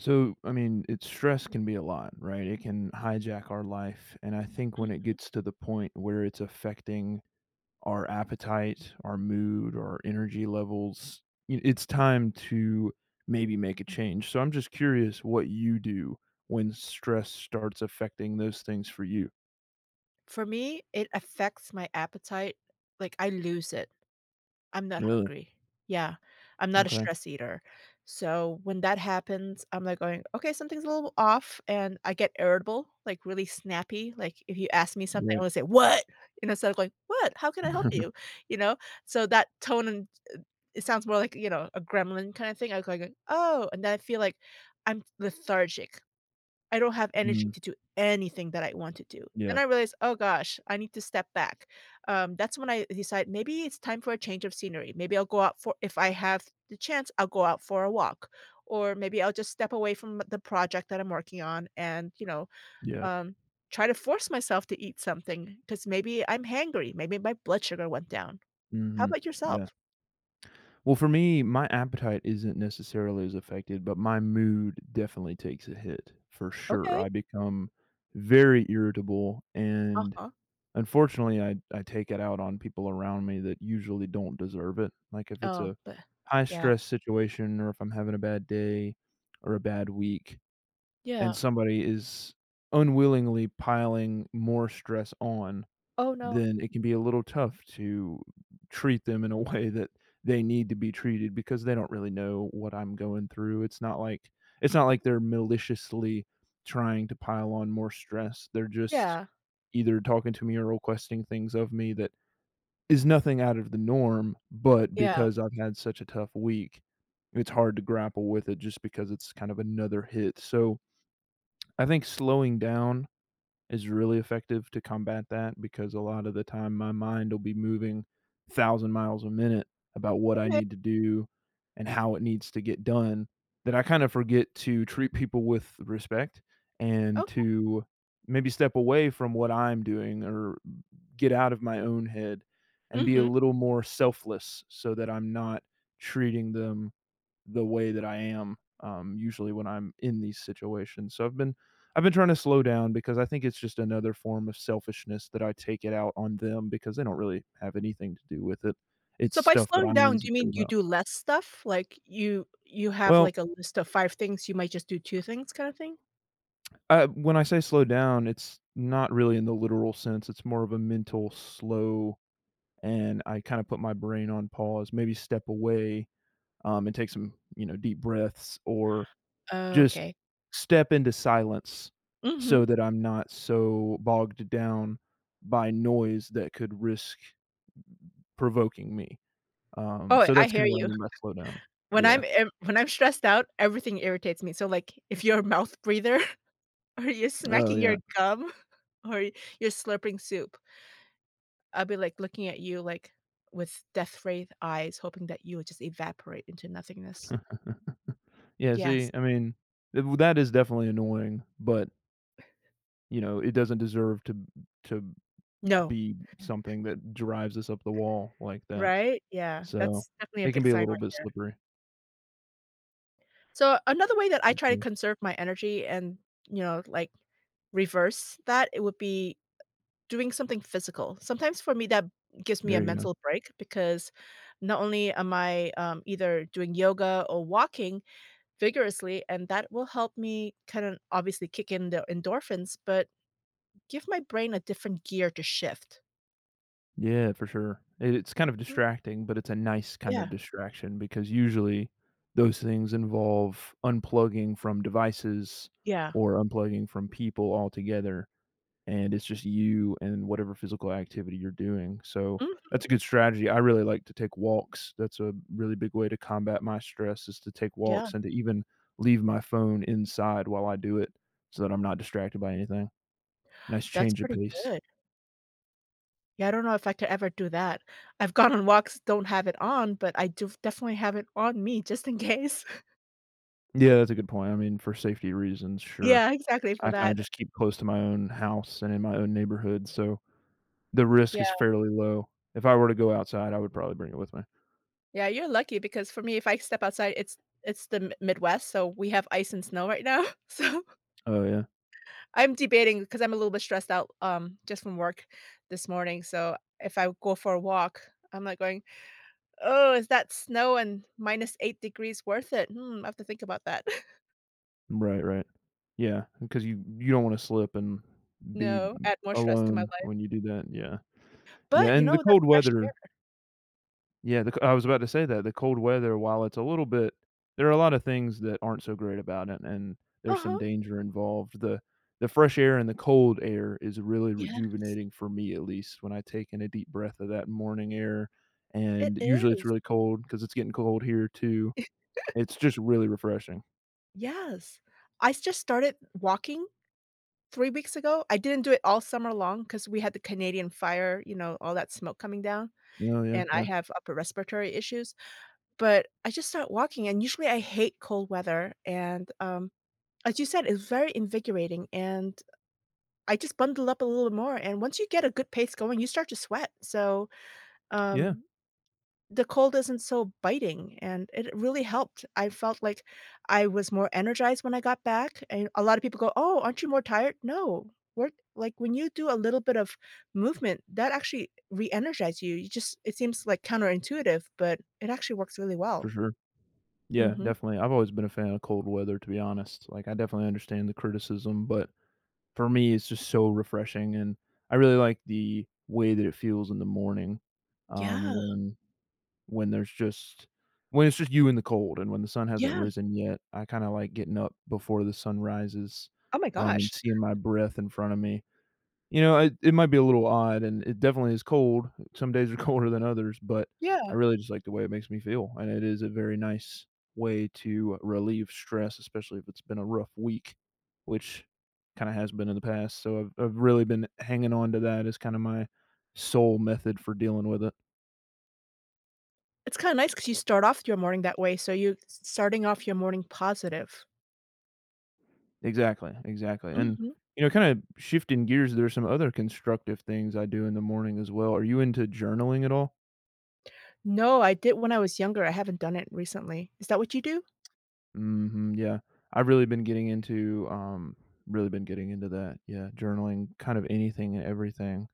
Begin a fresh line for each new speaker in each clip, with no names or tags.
So, I mean, it's stress can be a lot, right? It can hijack our life, and I think when it
Mhm.
gets to the point where it's affecting our appetite, our mood, our energy levels, y it's time to maybe make a change. So, I'm just curious what you do when stress starts affecting those things for you?
For me, it affects my appetite. Like, I lose it. I'm not
Really?
hungry. Yeah, I'm not a
M'kay.
stress eater. So, when that happens, I'm, like, going, "Okay, something's a little off," and I get irritable, like, really snappy, like, if you ask me something, I
Right.
wanna say, "What?" and instead of going, "What? How can I help you?" You know? So, that tone and, uh, it sounds more like, you know, a gremlin kinda thing act like a "Oh," and then I feel like I'm lethargic. I don't have energy
Mhm.
to do anything that I want to do. And
Yeah.
I realized, "Oh gosh. I need to step back." Um, that's when I decide, maybe it's time for a change of scenery. Maybe I'll go out for if I have the chance, I'll go out for a walk. Or maybe I'll just step away from the project that I'm working on, and, you know,
Yeah.
um, try to force myself to eat something, 'cause maybe I'm hangry, maybe my blood sugar went down. How
Mhm,
about
yeah.
yourself?
Well, for me, my appetite isn't necessarily as affected, but my mood definitely takes a hit, for sure.
Okay.
I become very irritable, and,
Uh-huh.
unfortunately, I I take it out on people around me that usually don't deserve it. Like, if it's
Oh,
a
b yeah.
high-stress situation, or if I'm having a bad day, or a bad week,
Yeah.
and somebody is unwillingly piling more stress on,
Oh, no.
then it can be a little tough to treat them in a way that they need to be treated because they don't really know what I'm going through. It's not like it's not like they're maliciously trying to pile on more stress. They're just
Yeah.
either talking to me or requesting things of me that is nothing out of the norm, but
Yeah.
because I've had such a tough week, it's hard to grapple with it just because it's kind of another hit, so I think slowing down is really effective to combat that, because a lotta the time, my mind will be moving thousand miles a minute about what I
Okay.
need to do, and how it needs to get done, that I kind of forget to treat people with respect, and
Okay.
to maybe step away from what I'm doing, or get out of my own head, and be a
Mhm.
little more selfless, so that I'm not treating them the way that I am, um, usually when I'm in these situations. So, I've been I've been trying to slow down, because I think it's just another form of selfishness that I take it out on them, because they don't really have anything to do with it. It's
So, by
stuff that
slowing
I'm
down, do you
insecure
mean you
about.
do less stuff? Like, you you have,
Well
like, a list of 5 things, you might just do 2 things, kinda thing?
Uh, when I say slow down, it's not really in the literal sense, it's more of a mental slow, and I kinda put my brain on pause, maybe step away, um, and take some, you know, deep breaths, or,
Oh,
just
okay.
step into silence, so
Mhm.
that I'm not so bogged down by noise that could risk provoking me. Um,
Oh,
so
I
that's
hear
kinda what I
you.
mean by slow down,
When
yeah.
I'm in when I'm stressed out, everything irritates me, so like, if you're a mouth breather, or you're
Oh,
smacking your
yeah.
gum, or you're slurping soup, I be, like, looking at you, like, with death wraith eyes, hoping that you would just evaporate into nothingness.
Yeah,
Yes.
see, I mean, w that is definitely annoying, but you know, it doesn't deserve to to
No.
be something that drives us up the wall like that.
Right? Yeah,
So,
that's definitely a
it can
big
be a
sign
little
right
bit
there.
slippery.
So, another way that I try to
Mhm.
conserve my energy and, you know, like, reverse that, it would be doing something physical. Sometimes for me that gives me a
There you go.
mental break because not only am I, um, either doing yoga, or walking vigorously, and that will help me, kind of, obviously kick in the endorphins, but give my brain a different gear to shift.
Yeah, for sure. I it's kind of
[unintelligible]
distracting, but it's a nice kind of
Yeah.
distraction because usually, those things involve, unplugging from devices,
Yeah.
or unplugging from people altogether, and it's just you and whatever physical activity you're doing, so,
Mhm.
that's a good strategy. I really like to take walks, that's a really big way to combat my stress, is to take
Yeah.
walks, and to even leave my phone inside while I do it, so that I'm not distracted by anything. Nice
That's
change of
pretty
pace.
good. Yeah, I don't know if I could ever do that. I've gone on walks, don't have it on, but I do definitely have it on me just in case.
Yeah, that's a good point, I mean, for safety reasons, sure.
Yeah, exactly for
I can I
that.
just keep close to my own house and in my own neighborhood, so the risk is
Yeah.
fairly low. If I were to go outside I would probably bring it with me.
Yeah, you're lucky because for me if I step outside, it's it's the Mi Midwest, so we have ice and snow right now. So
Oh, yeah.
I'm debating 'cause I'm a little bit stressed out, um, just from work this morning, so, if I go for a walk, I'm like going, "Oh, is that snow and -8 F degrees worth it? Hmm, I have to think about that."
Right, right. Yeah, because you you don't wanna slip and be,
No,
um,
add more stress to my
alone
life.
when you do that. Yeah. Yeah,
But, you
and the
know, that's
cold
fresh
weather
air.
Yeah, the co I was about to say that, the cold weather, while it's a little bit there are a lot of things that aren't so great about it and there's some
Uh-huh.
danger involved, the the fresh air and the cold air is really
Yes.
rejuvenating for me at least when I take in a deep breath of that morning air,
It
and usually it's
is.
really cold, 'cause it's getting cold here too. It's just really refreshing.
Yes. I just started walking 3 weeks ago, I didn't do it all summer long 'cause we had the Canadian fire, you know, all that smoke coming down,
Oh, yeah.
and I
Yeah.
have upper respiratory issues, but I just started walking, and usually I hate cold weather, and, um, as you said, it's very invigorating, and, uh, I just bundle up a little more, and once you get a good pace going, you start to sweat, so,
Yeah.
um, the cold isn't so biting, and it really helped, I felt like I was more energized when I got back, and a lot of people go, "Oh, aren't you more tired?" No. Work like, when you do a little bit of movement, that actually reenergizes you, you just it seems, like, counterintuitive, but it actually works really
For
well.
sure. Yeah,
Mhm.
definitely. I've always been a fan of cold weather to be honest, like, I definitely understand the criticism, but for me, it's just so refreshing, and I really like the way that it feels in the morning, um,
Yeah.
when when there's just when it's just you in the cold, and when the sun hasn't
Yeah.
risen yet, I kinda like getting up before the sun rises,
Oh my
um, and
gosh!
seeing my breath in front of me. You know, it it might be a little odd, and it definitely is cold, some days are colder than others, but I
Yeah.
really just like the way it makes me feel, and it is a very nice way to relieve stress especially if it's been a rough week, which kinda has been in the past, so, I've I've really been hanging on to that as kinda my sole method for dealing with it.
It's kinda nice 'cause you start off your morning that way, so you're s starting off your morning positive.
Exactly, exactly, and,
Mhm.
you know, kinda shifting gears, there are some other constructive things I do in the morning as well. Are you into journaling at all?
No, I did when I was younger, I haven't done it recently. Is that what you do?
Mhm. Yeah. I've really been getting into, um really been getting into that. Yeah, journaling kind of anything and everything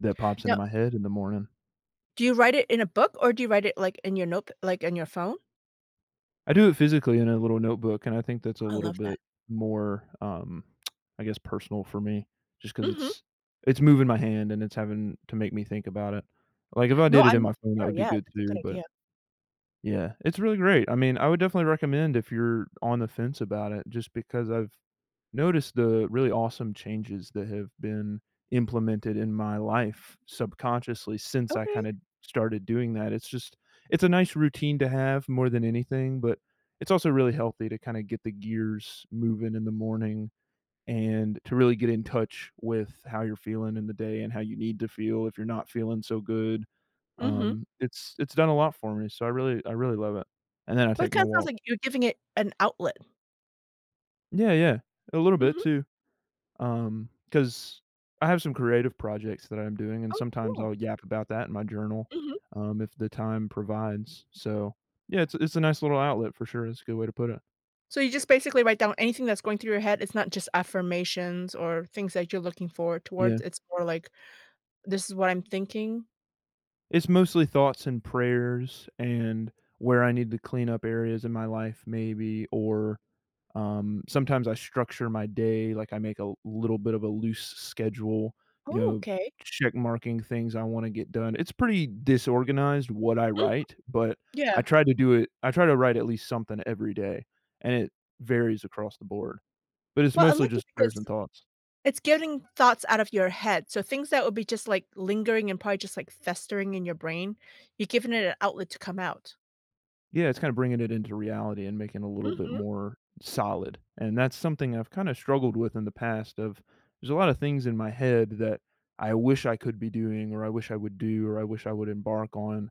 that pops into
Now
my head in the morning.
Do you write it in a book, or do you write it, like, in your notep like, in your phone?
I do it physically in a little notebook, and I think that's a
I
little
love that.
bit more, um, I guess, personal for me, just 'cause
Mhm.
it's it's moving my hand, and it's having to make me think about it. Like, if I
No.
did it
I'm
in my
with you
phone, that
there,
would be
yeah.
good
That's a
too,
good
but
idea.
yeah, it's really great. I mean, I would definitely recommend if you're on the fence about it, just because I've noticed the really awesome changes that have been implemented in my life subconsciously, since I
Okay.
kinda started doing that, it's just it's a nice routine to have more than anything, but it's also really healthy to kinda get the gears moving in the morning, and to really get in touch with how you're feeling in the day and how you need to feel if you're not feeling so good,
Mhm.
um, it's it's done a lot for me, so I really I really love it, and then I
Well, it
take my
kinda sounds
walk.
like you're giving it an outlet.
Yeah, yeah. A little bit
Mhm.
too. Um, 'cause I have some creative projects that I'm doing, and
Oh,
sometimes
cool.
I'll yap about that in my journal,
Mhm.
um, if the time provides. So, yeah, it's it's a nice little outlet for sure. It's a good way to put it.
So you just basically write down anything that's going through your head. It's not just affirmations or things that you're looking forward towards.
Yeah.
It's more like, "This is what I'm thinking."
It's mostly thoughts and prayers and where I need to clean up areas in my life maybe or, um, sometimes I structure my day. Like, I make a little bit of a loose schedule, you know,
Okay.
check marking things I wanna get done. It's pretty disorganized what I
Mhm.
write, but I
Yeah.
try to do it I try to write at least something every day, and it varies across the board. But it's
Well, I
mostly
like
just
it
prayers and
because,
thoughts.
it's getting thoughts out of your head. So things that would be just, like, lingering and probably just, like, festering in your brain, you're giving it an outlet to come out.
Yeah. It's kinda bringing it into reality and making a little bit
Mhm.
more solid. And that's something I've kinda struggled with in the past of there's a lot of things in my head that I wish I could be doing or I wish I would do or I wish I would embark on,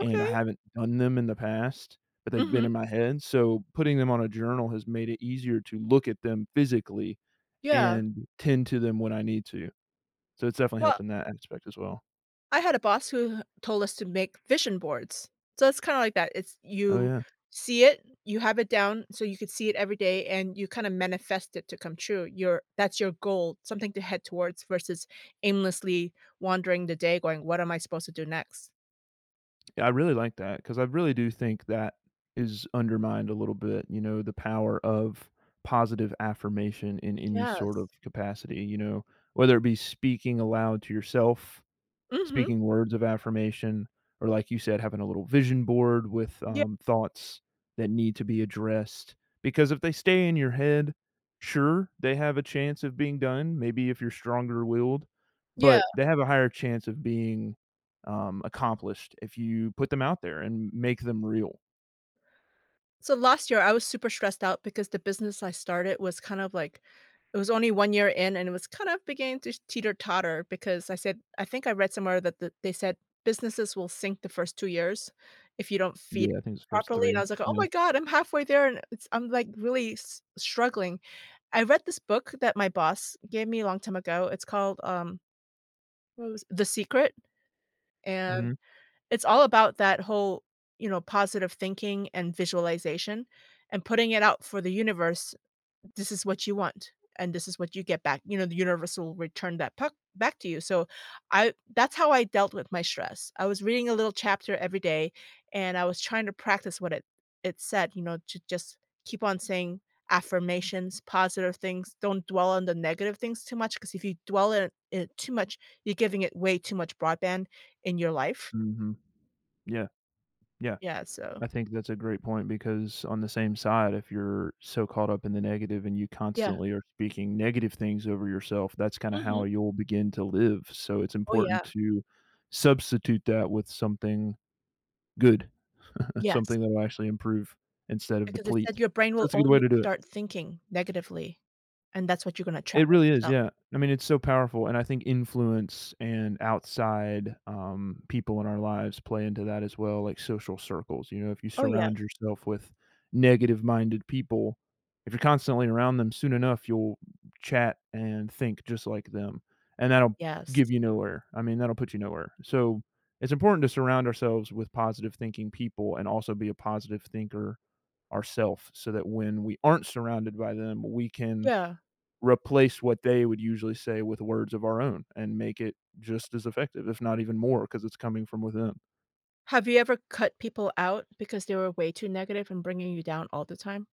and I haven't done them in the past, but they've been
Mhm.
in my head. So putting them on a journal has made it easier to look at them physically
Yeah.
and tend to them when I need to. So it's definitely helped
Well
in that aspect as well.
I had a boss who told us to make vision boards. So, it's kinda like that. It's
Oh,
you
yeah.
see it, you have it down so you could see it every day and you kinda manifest it to come true. Your that's your goal. Something to head towards versus aimlessly wandering the day going, "What am I supposed to do next?"
Yeah, I really like that 'cause I really do think that is undermined a little bit, you know, the power of positive affirmation in any
Yes.
sort of capacity, you know. Whether it be speaking aloud to yourself,
Mhm.
speaking words of affirmation, or like you said, having a little vision board with,
Yep.
um, thoughts that need to be addressed, because if they stay in your head, sure, they have a chance of being done, maybe if you're stronger willed,
Yeah.
but they have a higher chance of being, um, accomplished if you put them out there and m make them real.
So last year I was super stressed out because the business I started was kind of like it was only 1 year in and it was kinda beginning to teeter-totter because I said I think I read somewhere that that they said, "Businesses will sink the first 2 years if you don't feed
Yeah. I think it's first
properly." and I
3.
was like, "Oh
Yeah.
my god! I'm halfway there and it's I'm, like, really s struggling." I read this book that my boss gave me a long time ago, it's called, um what was The Secret and,
Mhm.
it's all about that whole, you know, positive thinking and visualization, and putting it out for the universe. This is what you want, and this is what you get back. You know, the universe will return that puck back to you, so, I that's how I dealt with my stress. I was reading a little chapter every day, and I was trying to practice what it it said, you know, to just keep on saying affirmations, positive things, don't dwell on the negative things too much 'cause if you dwell on it it too much, you're giving it way too much broadband in your life.
Mhm. Yeah. Yeah.
Yeah. So
I think that's a great point because on the same side, if you're so caught up in the negative and you
Yeah.
constantly are speaking negative things over yourself, that's kinda
Mhm.
how you'll begin to live, so it's
Oh,
important
yeah.
to substitute that with something good,
Yes.
something that will actually improve instead of
Because it said
deplete.
your brain will
That's a good way
only
to do it.
start thinking negatively, and that's what you're gonna attract
It really is,
yourself.
yeah. I mean, it's so powerful, and I think influence and outside, um, people in our lives play into that as well, like social circles, you know, if you
Oh, yeah.
surround yourself with negative-minded people, if you're constantly around them, soon enough you'll chat and think just like them, and that'll
Yes.
give you nowhere I mean, that'll put you nowhere, so it's important to surround ourselves with positive-thinking people and also be a positive thinker ourself, so that when we aren't surrounded by them we can
Yeah.
replace what they would usually say with words of our own and make it just as effective, if not even more 'cause it's coming from within.
Have you ever cut people out because they were way too negative and bringing you down all the time?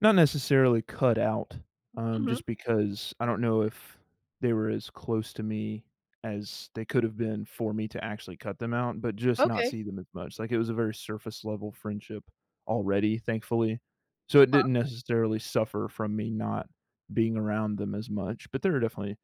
Not necessarily cut out, um,
Mhm.
just because I don’t know if they were as close to me as they could have been for me to actually cut them out, but just not
Okay.
see them as much, like, it was a very surface-level friendship already, thankfully. So, it
Uh-huh.
didn’t necessarily suffer from me not being around them as much, but there are definitely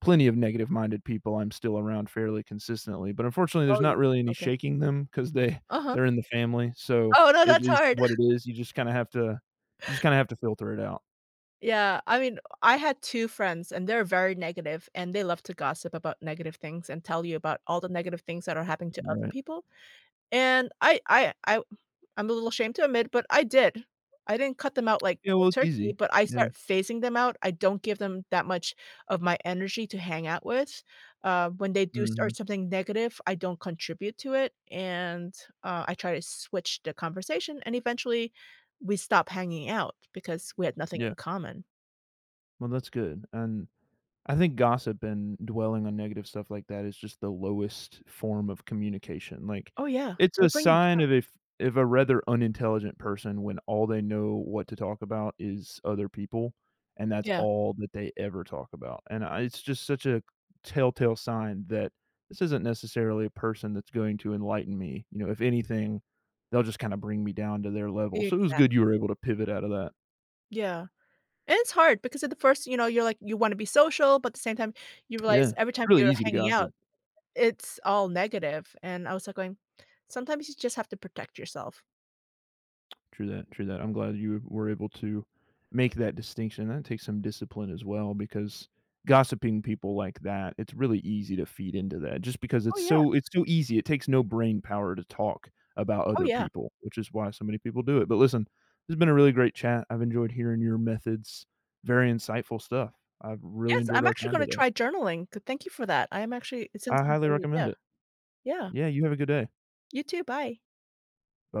plenty of negative-minded people I’m still around fairly consistently, but unfortunately
Oh,
there’s
you
not really any
okay.
shaking them cause they
Uh-huh.
they’re in the family, so
Oh, no,
it
that's
is
hard.
what it is, you just kinda have to you just kinda have to filter it out.
Yeah. I mean, I had 2 friends and they’re very negative and they love to gossip about negative things and tell you about all the negative things that are happening to other
Right.
people. And I I I I’m a little ashamed to admit, but I did. I didn’t cut them out like
Yeah,
cold
well, it's
turkey,
easy.
but I
Yeah.
start phasing them out. I don’t give them that much of my energy to hang out with. Um, when they do start
Mhm.
something negative, I don’t contribute to it and, uh, I try to switch the conversation, and eventually, we stop hanging out because we had nothing
Yeah.
in common.
Well, that's good. And, I think gossip and dwelling on negative stuff like that is just the lowest form of communication. Like,
Oh, yeah.
it's
It'll
a
bring you
sign
down.
of if if a rather unintelligent person when all they know what to talk about is other people, and that's
Yeah.
all that they ever talk about. And I it's just such a telltale sign that, "This isn't necessarily a person that's going to enlighten me." You know? "If anything, they'll just kinda bring me down to their level." So it was good you were
Exactly.
able to pivot out of that.
Yeah. And it's hard because at the first you know, you're like, you wanna be social, but the same time, you realize
Yeah.
every time
Really
you're
easy to
hanging out,
gossip.
it's all negative. And I was, like, going, "Sometimes you just have to protect yourself."
True that. True that. I'm glad you were able to make that distinction, and take some discipline as well, because gossiping people like that, it's really easy to feed into that. Just because
Oh,
it's
yeah.
so it's too easy. It takes no brainpower to talk about
Oh,
other
yeah.
people, which is why so many people do it. But listen, it's been a really great chat. I've enjoyed hearing your methods. Very insightful stuff. I've really
Yes.
enjoyed
I'm
our
actually
time
gonna
today.
try journaling. Th thank you for that. I am actually it sounds
I
like
highly
a great
recommend
idea.
it.
Yeah.
Yeah. You have a good day.
You too. Bye.
B